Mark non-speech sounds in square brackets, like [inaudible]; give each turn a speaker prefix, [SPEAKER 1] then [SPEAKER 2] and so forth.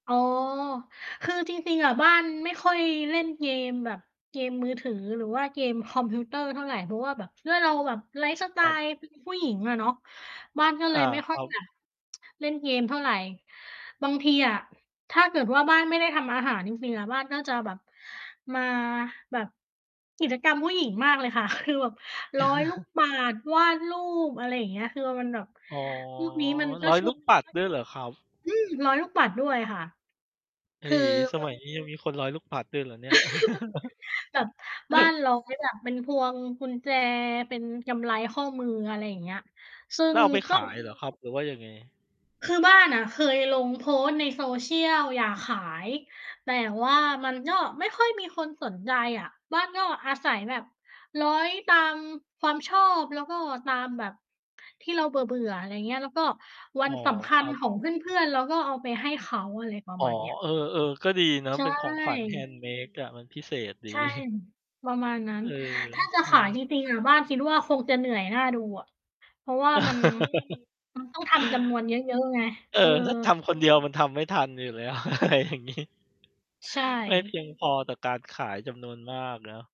[SPEAKER 1] อ๋อ คือจริง ๆ อะบ้านไม่ค่อยเล่นเกมแบบเกมมือถือหรือว่าเกมคอมพิวเตอร์เท่าไร เพราะว่าแบบด้วยเราแบบไลฟ์สไต
[SPEAKER 2] ครับ
[SPEAKER 1] ล์เป็นผู้หญิงอะเนาะ บ้านก็เล
[SPEAKER 2] อา
[SPEAKER 1] ยไม่ค
[SPEAKER 2] ค
[SPEAKER 1] ่อย
[SPEAKER 2] รับ
[SPEAKER 1] อยาก [tsk] เล่นเกมเท่าไร บางทีอะถ้าเกิดว่า บ้านไม่ได้ทำอาหารจริง ๆ อะ บ้านก็จะแบบ มาแบบกิจกรรมผู้หญิงมากเลยค่ะ คือแบบร้อยลูก
[SPEAKER 2] [chuckles]
[SPEAKER 1] ปัด วาดรูป อะไรอย่างเงี้ยคือมันแบบ
[SPEAKER 2] อ๋อ ร้อ
[SPEAKER 1] พวกนี้มันก็
[SPEAKER 2] ย
[SPEAKER 1] ช่
[SPEAKER 2] ล
[SPEAKER 1] ว
[SPEAKER 2] ู
[SPEAKER 1] ย
[SPEAKER 2] กปัดด้วยเหรอครับ?
[SPEAKER 1] อืม ร้อยลูกปัดด้วยค่ะ
[SPEAKER 2] เอ
[SPEAKER 1] ค
[SPEAKER 2] ๋
[SPEAKER 1] ือ
[SPEAKER 2] สมัยนี้ ยังมีคนร้อยลูกปัดด้วยเหรอเนี่ย? [chuckles]
[SPEAKER 1] [chuckles] แบบบ้านเรา แบบก็อย่างเป็นพวงกุญแจ เป็นกำไรข้อมือ อะไรอย่างเงี้ย ซึ่
[SPEAKER 2] แล
[SPEAKER 1] ง
[SPEAKER 2] ้วเอาไป
[SPEAKER 1] ก
[SPEAKER 2] ข
[SPEAKER 1] ็
[SPEAKER 2] าย เหรอครับ หรือว่ายังไง?
[SPEAKER 1] คือบ้านอะเคยลงโพสต์ใน Social อยากขาย แต่ว่ามันก็ไม่ค่อยมีคนสนใจอะ บ้านก็อาศัยแบบร้อยตามความชอบ แล้วก็ตามแบบที่เราเบื่อ ๆ อะไรอย่างนี้ แล้วก็ว
[SPEAKER 2] อ
[SPEAKER 1] ั
[SPEAKER 2] ๋
[SPEAKER 1] น
[SPEAKER 2] อ
[SPEAKER 1] สำค
[SPEAKER 2] ค
[SPEAKER 1] ั
[SPEAKER 2] ร
[SPEAKER 1] ญ
[SPEAKER 2] ับ
[SPEAKER 1] ของเพื่อน ๆ ก็เอาไปให้เขาอะไรประ
[SPEAKER 2] อ๋อ
[SPEAKER 1] มาณนี้
[SPEAKER 2] เออ ๆ ก็ดีนะ
[SPEAKER 1] ใช
[SPEAKER 2] เป็นของขวัญ
[SPEAKER 1] ่
[SPEAKER 2] handmade อะ มันพิเศษดี
[SPEAKER 1] ใช่
[SPEAKER 2] [chuckles]
[SPEAKER 1] ประมาณนั้
[SPEAKER 2] เ
[SPEAKER 1] น
[SPEAKER 2] ออ
[SPEAKER 1] ถ้าจะ
[SPEAKER 2] ใช
[SPEAKER 1] ขายจ
[SPEAKER 2] ่
[SPEAKER 1] ริง ๆ อะบ้านคิดว่า คงจะเหนื่อยน่าดูอะ เพราะว่ามัน
[SPEAKER 2] [chuckles]
[SPEAKER 1] ต้องทำจำนวนเยอะ ๆ ไง
[SPEAKER 2] เออ
[SPEAKER 1] เออ
[SPEAKER 2] ถ้าทำคนเดียวมันทำไม่ทันอยู่แล้ว [laughs] อะไรอย่างงี้
[SPEAKER 1] ใช
[SPEAKER 2] ไม่เพ
[SPEAKER 1] ่
[SPEAKER 2] ียงพอต่อการขายจำนวนมากเนาะ